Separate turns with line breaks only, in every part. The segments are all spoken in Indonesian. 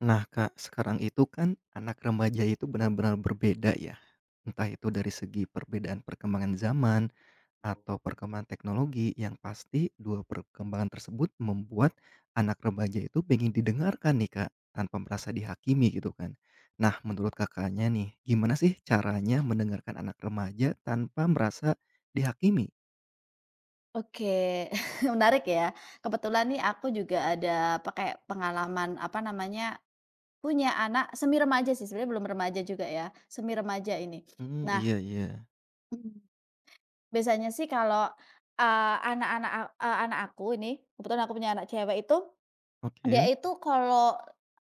Nah Kak, sekarang itu kan anak remaja itu benar-benar berbeda ya. Entah itu dari segi perbedaan perkembangan zaman, atau perkembangan teknologi yang pasti 2 perkembangan tersebut membuat anak remaja itu pengen didengarkan nih, Kak, tanpa merasa dihakimi gitu kan. Nah, menurut Kakaknya nih, gimana sih caranya mendengarkan anak remaja tanpa merasa dihakimi?
Oke, menarik ya. Kebetulan nih, aku juga ada pakai pengalaman apa namanya, punya anak semi remaja sih sebenarnya belum remaja juga ya, semi remaja ini.
Mmm,
Nah,
iya iya.
mmm. Biasanya sih kalau, eee, anak-anak a eee, anak aku ini, kebetulan aku punya anak cewek itu, dia
Oke.
itu kalau,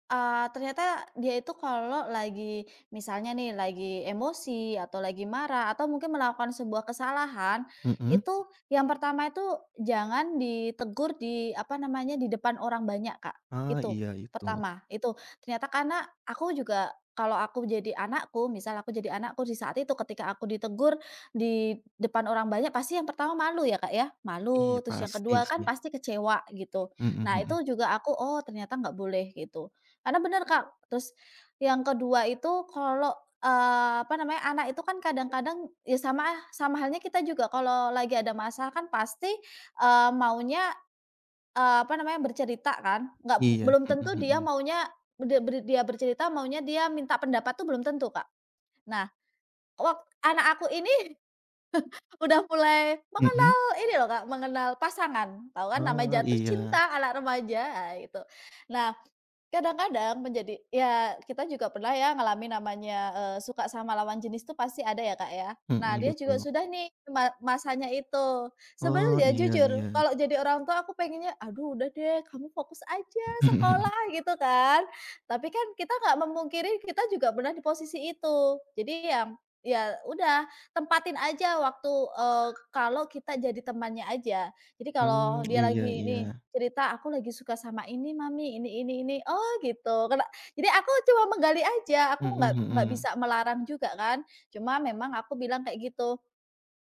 eee, ternyata dia itu kalau lagi misalnya nih lagi emosi atau lagi marah atau mungkin melakukan sebuah kesalahan,
Mhm.
itu yang pertama itu jangan ditegur di apa namanya, di depan orang banyak Kak.
Ah,
Itu,
iya itu.
pertama, itu. Ternyata karena, aku juga kalau aku jadi anakku, misal aku jadi anakku di saat itu ketika aku ditegur di depan orang banyak, pasti yang pertama malu ya, Kak ya,
Iya
malu, terus yang
pasti
ke-2 kan
sih.
pasti kecewa gitu.
Mhm
Nah
mhm.
itu juga aku, "Oh ternyata nggak boleh gitu." Karena benar Kak, terus yang ke-2 itu kalau, eee, apa namanya, anak itu kan kadang-kadang ya sama lah sama halnya kita juga kalau lagi ada masalah kan pasti, eee, maunya, eee, apa namanya, bercerita kan? Enggak,
Iya,
belum
mhm
tentu dia
mhm.
maunya, b de ber dia bercerita, maunya dia minta pendapat tuh belum tentu, Kak. Nah. Kok anak aku ini Udah mulai
Mhm.
mengenal ini loh, Kak, mengenal pasangan. Tahu kan nama
Oh,
jatuh
iya.
cinta anak remaja, ah itu. Nah, kadang-kadang menjadi ya kita juga pernah ya ngalamin namanya, eee, suka sama lawan jenis tuh pasti ada ya, Kak ya. Nah,
Mhm,
dia juga
betul.
sudah nih ma masanya itu.
Oh,
Sebenarnya
iya
jujur
iya.
kalau jadi orang tua aku pengennya, "Aduh udah deh kamu fokus aja sekolah," gitu kan. Tapi kan kita nggak memungkiri kita juga pernah di posisi itu. Jadi yang ya udah, tempatin aja waktu, eee, kalau kita jadi temannya aja. Jadi
Mmm,
kalau dia
iya
lagi ini
iya.
cerita, "Aku lagi suka sama ini, mami, ini ini ini." Oh gitu, kena jadi aku cuma menggali aja, aku
Mhm
nggak nggak
mhm.
bisa melarang juga kan. Cuma memang aku bilang kayak gitu.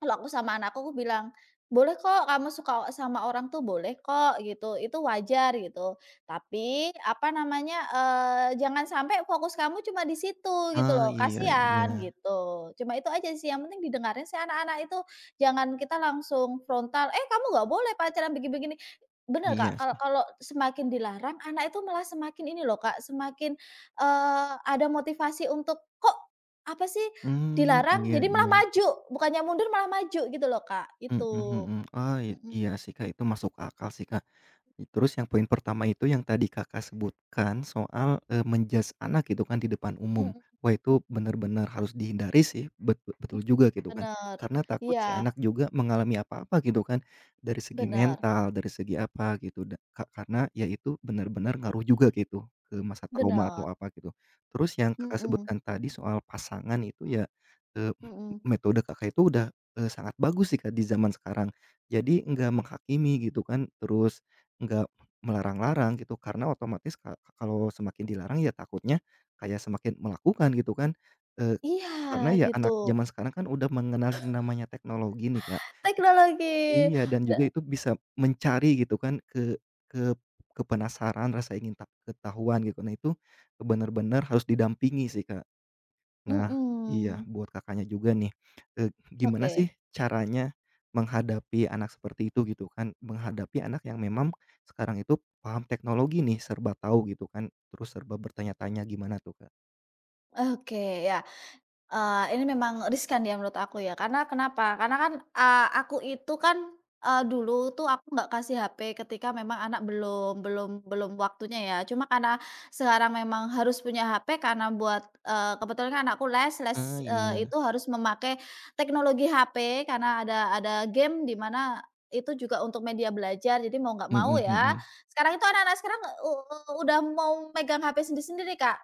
Kalau aku sama anakku aku bilang, "Boleh kok kamu suka sama orang tuh boleh kok," gitu, "itu wajar" gitu. "Tapi," apa namanya, eee, "Jangan sampai fokus kamu cuma di situ," gitu
Ah,
loh,
iya
"kasihan,"
iya.
gitu. Cuma itu aja sih yang penting didengarin sih anak-anak itu. Jangan kita langsung frontal, "Eh, kamu nggak boleh pacaran begi-begini." Benar Kak,
Iya
kal
sih.
kalau semakin dilarang anak itu malah semakin ini loh Kak, semakin, eee, ada motivasi untuk, "Kok? Apa sih?"
Mmm,
Dilarang
iya
jadi malah
iya.
maju, bukannya mundur malah maju gitu loh Kak,
Mhm
gitu.
mhm, oh
Mhm.
iya sih Kak, itu masuk akal sih Kak. Terus yang poin pertama itu yang tadi Kakak sebutkan soal, eee, men-judge anak gitu kan di depan umum,
Mhm.
wah
Mmm.
itu benar-benar harus dihindari sih, bet
Mmm,
betul juga gitu kan.
benar,
Karena takut sih anak
iya.
juga mengalami apa-apa gitu kan, dari segi
Benar.
mental, dari segi apa gitu, da ka karena ya itu benar-benar ngaruh juga gitu, eee, masa trauma atau
Benar.
apa gitu. Terus yang Kakak
Mhm.
sebutkan tadi soal pasangan itu ya, eee,
Mhm.
metode Kakak itu udah, eee, sangat bagus sih, Kak, di zaman sekarang. Jadi enggak menghakimi gitu kan, terus enggak melarang-larang gitu karena otomatis ka kalau semakin dilarang ya takutnya kayak semakin melakukan gitu kan, eee,
Iya,
karena ya
gitu.
anak zaman sekarang kan udah mengenali namanya teknologi nih, Kak.
Teknologi,
Iya dan
de
juga itu bisa mencari gitu kan ke ke ke penasaran, rasa ingin ta ketahuan, gitu. Nah, itu, ke benar-benar harus didampingi sih, Kak. Nah. Iya
Mhm.
buat Kakaknya juga nih, eee, gimana sih
Oke.
caranya, menghadapi anak seperti itu gitu kan? Menghadapi anak yang memang sekarang itu paham teknologi nih, serba tahu gitu kan, terus serba bertanya-tanya gimana tuh Kak?
Oke, ya, eee, ini memang riskan ya menurut aku ya, karena kenapa? Karena kan, eee, aku itu kan, eee, dulu tuh aku nggak kasih HP ketika memang anak belum belum belum waktunya ya. Cuma karena sekarang memang harus punya HP karena buat eee kebetulan kan anakku les les,
Ah,
eee,
iya.
itu harus memakai teknologi HP karena ada ada game di mana, itu juga untuk media belajar jadi mau nggak mau
Mhm
ya.
mhm.
Sekarang itu anak-anak sekarang u u udah mau megang HP sendiri-sendiri Kak.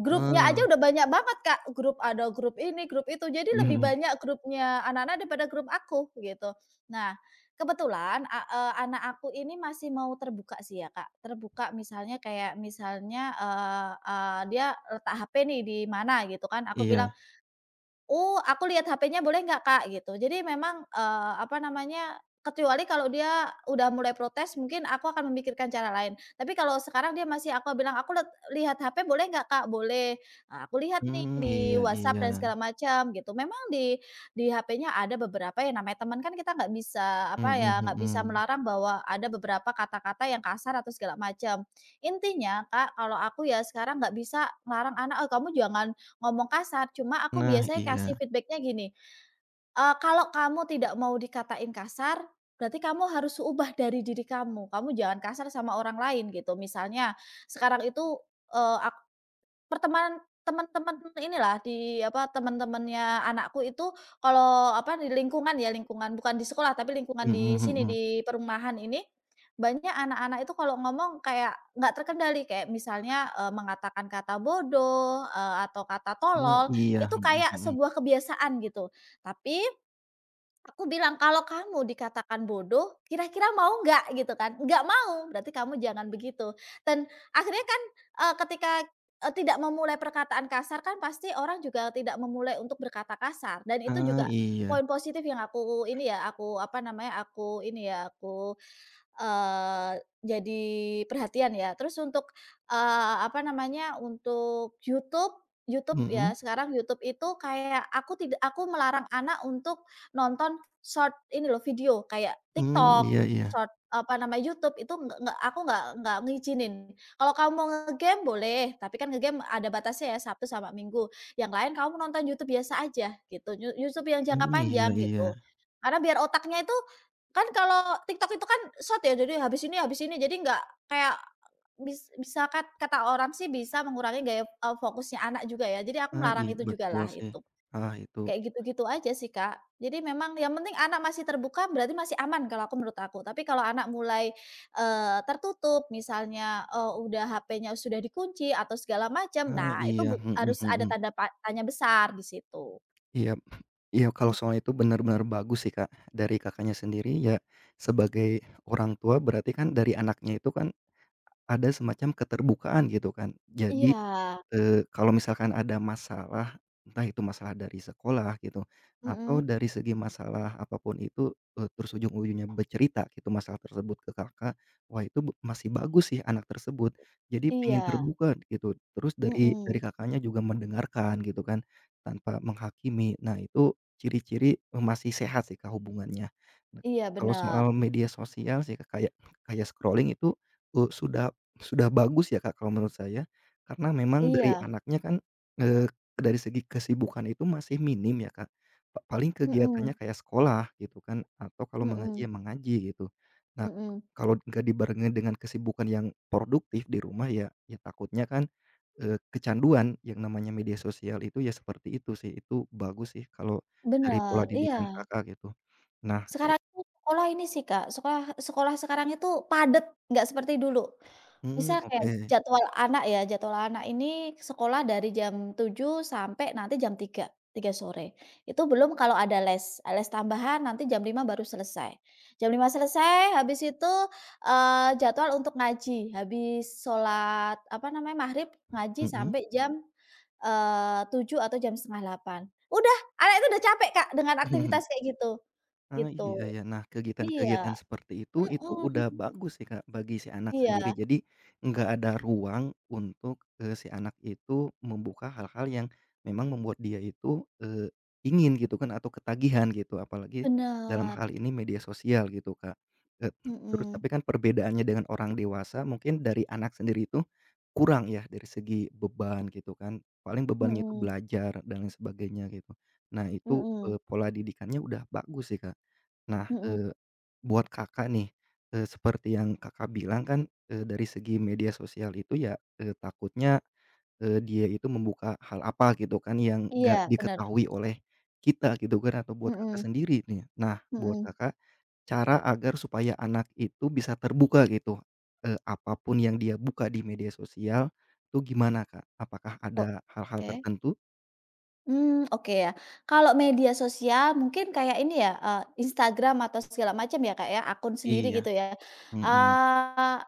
Grupnya aja
Heeh.
udah banyak banget Kak, grup ada grup ini, grup itu, jadi
Mmm
lebih
mhm.
banyak grupnya anak-anak daripada grup aku gitu. Nah, kebetulan a eee, anak aku ini masih mau terbuka sih ya Kak, terbuka misalnya kayak misalnya, eee eee, dia letak HP nih di mana gitu kan, aku bilang,
Iya.
"Oh, aku lihat HP-nya boleh nggak, Kak?" Gitu. Jadi memang, eee, apa namanya, kecuali kalau dia udah mulai protes, mungkin aku akan memikirkan cara lain. Tapi kalau sekarang dia masih aku bilang, "Aku let lihat HP boleh nggak, Kak?" "Boleh," eee, aku lihat nih
Mmm,
di
iya
WhatsApp
iya.
dan segala macem, gitu. Memang di di HP-nya ada beberapa yang namanya teman, kan kita nggak bisa apa
Mhm
ya, nggak bisa
mhm.
melarang bahwa ada beberapa kata-kata yang kasar atau segala macam. Intinya, Kak, kalau aku ya sekarang nggak bisa ngelarang anak, "Oh kamu jangan ngomong kasar." Cuma aku
Nah,
biasanya kasih
iya.
feedback-nya gini, eee, "Kalau kamu tidak mau dikatain kasar, berarti kamu harus ubah dari diri kamu, kamu jangan kasar sama orang lain," gitu. Misalnya sekarang itu, eee, ak pertemanan teman-teman inilah di apa, teman-temannya anakku itu kalau apa, di lingkungan ya lingkungan bukan di sekolah tapi lingkungan
Mhm
di sini,
mhm.
di perumahan ini. Banyak anak-anak itu kalau ngomong kayak nggak terkendali kayak misalnya, eee, mengatakan kata bodoh, eee, atau kata
Eh,
tolol,
iya,
itu
mhm
kayak
mhm.
sebuah kebiasaan gitu. Tapi aku bilang, "Kalau kamu dikatakan bodoh, kira-kira mau nggak?" Gitu kan, "Nggak mau," berarti kamu jangan begitu. Dan akhirnya kan, eee, ketika e tidak memulai perkataan kasar kan pasti orang juga tidak memulai untuk berkata kasar dan itu
Ah,
juga
iya.
poin positif yang aku ini ya, aku apa namanya, aku ini ya, aku eee, jadi perhatian ya. Terus untuk, eee, apa namanya, untuk YouTube. YouTube ya,
Mhm.
sekarang YouTube itu kayak aku tidak aku melarang anak untuk nonton Short ini loh, video, kayak
Mmm,
TikTok.
iya iya.
Short eee, apa namanya, YouTube itu nggak nggak aku nggak nggak ngizinin. "Kalau kamu mau nge-game boleh, tapi kan nge-game ada batasnya ya, Sabtu sama Minggu. Yang lain kamu nonton YouTube biasa aja," gitu. you YouTube yang jangka
Mmm, iya
panjang,
iya.
gitu. Karena biar otaknya itu kan kalau TikTok itu kan Short ya, jadi habis ini, habis ini, jadi nggak kayak bis bisa kat kata orang sih bisa mengurangi gaya, eee, fokusnya anak juga ya. Jadi aku
Ah,
melarang
iya,
itu
betul
jugalah,
sih.
itu.
Ah, itu.
Kayak gitu-gitu aja sih Kak. Jadi memang yang penting anak masih terbuka berarti masih aman kalau aku menurut aku. Tapi kalau anak mulai, eee, tertutup misalnya, eee, udah HP-nya sudah dikunci atau segala macam,
Ah,
nah itu
iya,
buk
mhm
harus ada
mhm.
tanda pa tanya besar di situ.
Iya, iya, kalau
Mhm.
soal itu benar-benar bagus sih, Kak, dari Kakaknya sendiri ya sebagai orang tua berarti kan dari anaknya itu kan, ada semacam keterbukaan gitu kan. Jadi,
Iya.
eee, kalau misalkan ada masalah, entah itu masalah dari sekolah gitu, atau
Mhm.
dari segi masalah apa pun itu, e terus ujung-ujungnya bercerita gitu masalah tersebut ke Kakak, wah itu be masih bagus sih anak tersebut, jadi pengen
Iya.
terbuka gitu, terus dari
Mhm.
dari Kakaknya juga mendengarkan gitu kan, tanpa menghakimi, nah itu ciri-ciri masih sehat sih Kak hubungannya. Nah
Iya,
kalau
benar.
soal media sosial sih Kak kayak kayak scrolling itu u sudah sudah bagus ya Kak, kalau menurut saya. Karena memang dari
Iya.
anaknya kan, eee, dari segi kesibukan itu masih minim ya Kak. Pa paling kegiatannya
Mhm.
kayak sekolah gitu kan, atau kalau mengaji ya
Mhm.
mengaji gitu. Nah
Mhm.
kalau nggak dibarengin dengan kesibukan yang produktif di rumah ya, ya takutnya kan, eee, kecanduan yang namanya media sosial itu ya seperti itu sih, itu bagus sih kalau, dari pola
Bener,
didikan
iya.
Kakak gitu. Nah, e
Sekarang itu sekolah ini sih Kak, sekolah sekolah sekarang itu padat, nggak seperti dulu.
Mhm,
Misal kayak
oke.
jadwal anak ya, jadwal anak ini sekolah dari jam 07.00 sampai nanti jam 03.00, 03.00 sore. Itu belum kalau ada les, les tambahan nanti jam 5.00 baru selesai. Jam 5.00 selesai habis itu, eee, jadwal untuk ngaji, habis sholat apa namanya, maghrib, ngaji
Mhm.
sampai jam, eee, 07.00 atau jam 07.30 udah, anak itu udah capek Kak dengan aktivitas kayak gitu,
Ah,
gitu.
iya iya. Nah, kegiatan-kegiatan
Iya.
seperti itu, itu udah
Mhm.
bagus sih, Kak, bagi si anak sendiri.
Iya.
Jadi, enggak ada ruang untuk, eee, si anak itu membuka hal-hal yang, memang membuat dia itu, eee, ingin gitu kan atau ketagihan gitu apalagi dalam
Bener.
hal ini media sosial gitu Kak. E terus
Mhm.
tapi kan perbedaannya dengan orang dewasa mungkin dari anak sendiri itu, kurang ya dari segi beban gitu kan, paling bebannya itu
Mhm.
belajar dan lain sebagainya gitu. Nah itu,
Mhm.
eee, pola didikannya udah bagus sih Kak. Nah,
Mhm.
eee, buat Kakak nih, eee, seperti yang Kakak bilang kan, eee, dari segi media sosial itu ya, eee, takutnya, eee, dia itu membuka hal apa gitu kan yang enggak
Iya, bener.
diketahui oleh kita gitu kan atau buat Kakak
Mhm.
sendiri nih. Nah buat
Mhm.
Kakak, cara agar supaya anak itu bisa terbuka gitu, eee, apa pun yang dia buka di media sosial, itu gimana Kak? Apakah ada hal-hal
Oke.
tertentu?
Mmm, oke ya. Kalau media sosial mungkin kayak ini ya, eee, Instagram atau segala macam ya Kak ya, akun sendiri
Iya.
gitu ya.
Mhm.
Eee,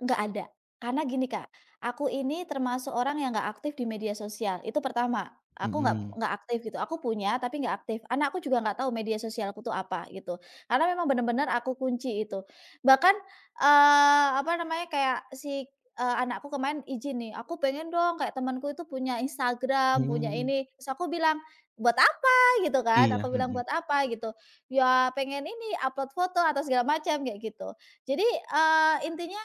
enggak ada. Karena gini Kak, aku ini termasuk orang yang nggak aktif di media sosial, itu pertama. Aku nggak
Mhm.
nggak aktif gitu, aku punya tapi nggak aktif. Anakku juga nggak tahu media sosialku tuh apa, gitu. Karena memang benar-benar aku kunci itu. Bahkan, eee, apa namanya, kayak si eee, anakku kemarin izin nih, "Aku pengen dong kayak temanku itu punya Instagram, punya
Mmm.
ini." Terus aku bilang, "Buat apa?" gitu kan,
Iya,
aku bilang,
mhm.
"Buat apa?" gitu. "Ya, pengen ini upload foto atau segala macam," kayak gitu. Jadi, eee, intinya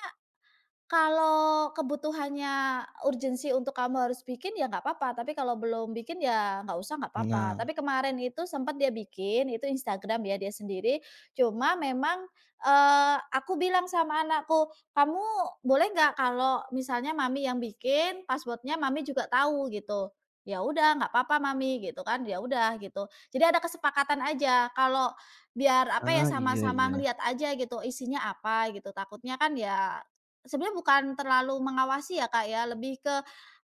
kalau kebutuhannya urgensi untuk kamu harus bikin ya nggak apa-apa, tapi kalau belum bikin ya nggak usah nggak apa-apa.
Nah.
Tapi kemarin itu sempat dia bikin, itu Instagram ya dia sendiri, cuma memang, eee, aku bilang sama anakku, "Kamu boleh nggak kalau misalnya Mami yang bikin, password-nya Mami juga tahu," gitu. "Ya udah, nggak apa-apa, Mami," gitu kan, ya udah gitu. Jadi ada kesepakatan aja kalau biar apa ya,
Ah, iya
sama-sama
iya.
ngeliat aja gitu, isinya apa gitu. Takutnya kan ya sebenarnya bukan terlalu mengawasi ya Kak ya, lebih ke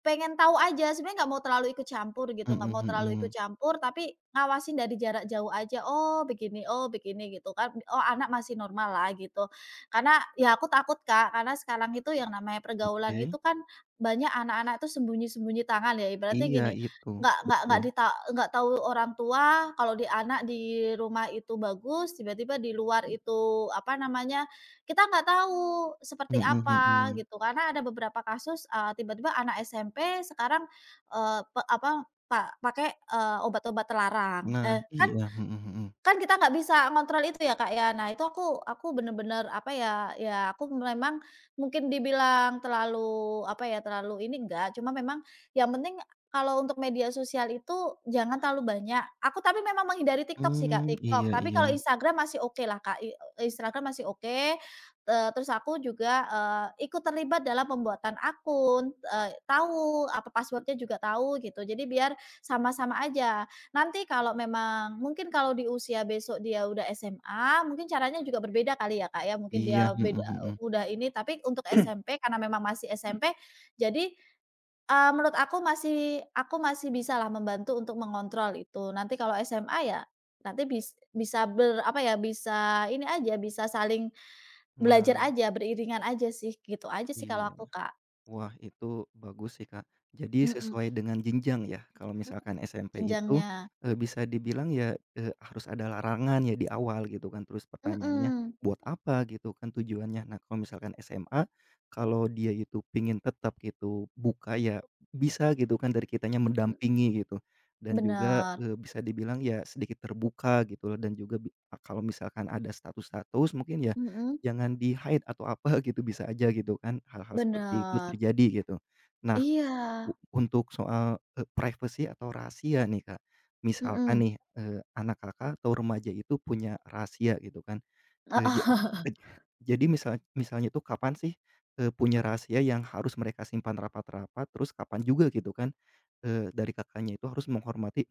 pengen tahu aja. Sebenarnya nggak mau terlalu ikut campur gitu, nggak mau
Mhm
terlalu ikut
mhm.
campur tapi ngawasin dari jarak jauh aja, "Oh begini oh begini," gitu kan. "Oh anak masih normal lah," gitu. Karena ya aku takut Kak, karena sekarang itu yang namanya pergaulan
Oke.
itu kan banyak anak-anak itu sembunyi-sembunyi tangan ya. Ibaratnya
Iya
gini,
itu,
nggak nggak nggak
betul.
di ta nggak tahu orang tua kalau di anak di rumah itu bagus, tiba-tiba di luar itu apa namanya kita nggak tahu seperti
Mhm
apa
mhm.
gitu. Karena ada beberapa kasus, eee, tiba-tiba anak SMP sekarang, eee, pe apa pak pakai, eee, obat-obat terlarang.
Nah,
Eee, kan
iya, mhm mhm.
kan kita nggak bisa ngontrol itu ya Kak ya. Nah itu aku aku benar-benar apa ya, ya aku memang mungkin dibilang terlalu apa ya, terlalu ini nggak, cuma memang yang penting kalau untuk media sosial itu jangan terlalu banyak. Aku tapi memang menghindari TikTok sih
Mmm,
Kak. TikTok,
iya
tapi kalau
iya.
Instagram masih okelah Kak, i Instagram masih oke. Eee, terus aku juga, eee, ikut terlibat dalam pembuatan akun, eee, tahu apa password-nya juga tahu gitu, jadi biar sama-sama aja. Nanti kalau memang mungkin kalau di usia besok dia udah SMA mungkin caranya juga berbeda kali ya Kak ya, mungkin
Iya,
dia
mhm
beda
mhm.
udah ini, tapi untuk SMP, karena memang masih SMP, jadi, eee, menurut aku masih aku masih bisa lah membantu untuk mengontrol itu. Nanti kalau SMA ya nanti bis bisa ber apa ya, bisa ini aja, bisa saling belajar
Nah.
aja, beriringan aja sih, gitu aja sih kalau
Iya.
aku, Kak.
Wah itu bagus sih Kak. Jadi
Mhm.
sesuai dengan jenjang ya, kalau
Mhm.
misalkan SMP itu,
Jenjangnya.
eee, bisa dibilang ya, eee, harus ada larangan ya di awal gitu kan. Terus pertanyaannya,
Mhm.
buat apa gitu kan tujuannya. Nah kalau misalkan SMA, kalau dia itu pingin tetap gitu buka ya bisa gitu kan dari kitanya
M
mendampingi gitu. Dan juga,
Benar.
eee, bisa dibilang ya sedikit terbuka gitu loh dan juga bi a kalau misalkan ada status-status mungkin ya,
Mhm.
jangan di-hide atau apa gitu bisa aja gitu kan, hal-hal seperti itu
Benar.
terjadi gitu. Nah
Iya.
u untuk soal, e privacy atau rahasia nih, Kak. Misalkan
Mhm.
nih, eee, anak Kakak atau remaja itu punya rahasia gitu kan,
Heeh.
eee, ja ja jadi misal misalnya tuh kapan sih, eee, punya rahasia yang harus mereka simpan rapat-rapat, terus kapan juga gitu kan, eee, dari Kakaknya itu harus menghormati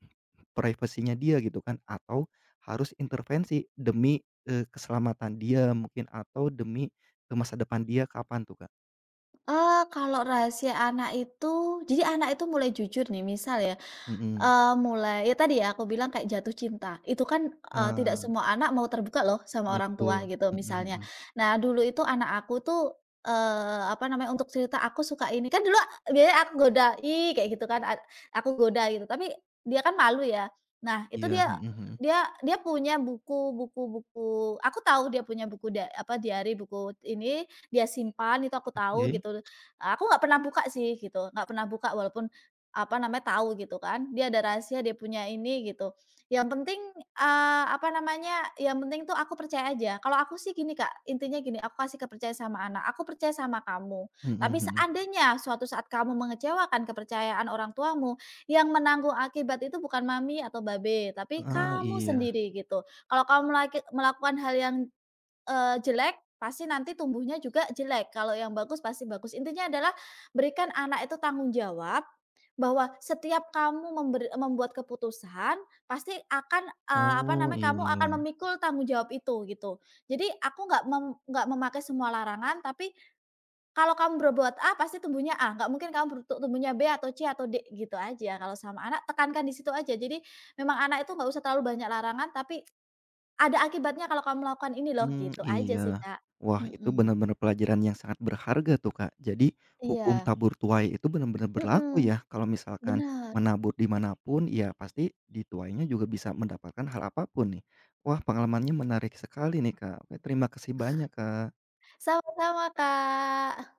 privacy-nya dia gitu kan, atau harus intervensi demi, eee, keselamatan dia mungkin atau demi, eee, masa depan dia, kapan tuh Kak?
.Eee, kalau rahasia anak itu, jadi anak itu mulai jujur nih, misal ya,
Mhm.
eee, mulai ya tadi ya, aku bilang kayak jatuh cinta, itu kan, eee,
Heeh,
tidak
heeh.
semua anak mau terbuka loh sama orang tua,
Betul,
gitu,
mhm,
misalnya.
mhm.
Nah, dulu itu anak aku tuh, eee, apa namanya, untuk cerita, "Aku suka ini", kan dulu ak biasanya aku goda, "I" kayak gitu kan, ad aku goda gitu, tapi dia kan malu, ya. Nah, itu
Iya,
dia
mhm, mhm.
dia dia punya buku buku buku, aku tahu dia punya buku da apa, diary, buku ini, dia simpan, itu aku tahu,
Oke.
gitu. Aku nggak pernah buka sih, gitu, nggak pernah buka walaupun, apa namanya, tahu gitu kan, dia ada rahasia, dia punya ini, gitu. Yang penting, eee, apa namanya, yang penting tuh aku percaya aja. Kalau aku sih gini, Kak, intinya gini, aku kasih kepercayaan sama anak, "Aku percaya sama kamu.
Mhm,
Tapi
mhm.
seandainya suatu saat kamu mengecewakan kepercayaan orang tuamu, yang menanggung akibat itu bukan mami atau babe, tapi
Heeh,
kamu
iya.
sendiri" gitu. "Kalau kamu melek melakukan hal yang, eee, jelek, pasti nanti tumbuhnya juga jelek, kalau yang bagus, pasti bagus." Intinya adalah berikan anak itu tanggung jawab. Bahwa setiap kamu memberi membuat keputusan pasti akan, eee, apa
Oh,
namanya, kamu akan
iya.
memikul tanggung jawab itu, gitu. Jadi aku nggak mem nggak memakai semua larangan, tapi kalau kamu berbuat A pasti tumbuhnya A, nggak mungkin kamu berutuk tumbuhnya B atau C atau D, gitu aja kalau sama anak, tekankan di situ aja. Jadi memang anak itu nggak usah terlalu banyak larangan, tapi ada akibatnya kalau kamu melakukan ini loh,
Mmm,
gitu aja sih,
iya.
Kak.
Wah, itu
Mhm.
benar-benar pelajaran yang sangat berharga tuh, Kak. Jadi, hukum
Iya.
tabur tuai itu benar-benar berlaku
Mhm.
ya, kalau misalkan
Benar.
menabur di manapun, ya pasti dituainya juga bisa mendapatkan hal apa pun, nih. Wah, pengalamannya menarik sekali nih, Kak. Oke, terima kasih banyak, Kak.
Sama-sama, Kak.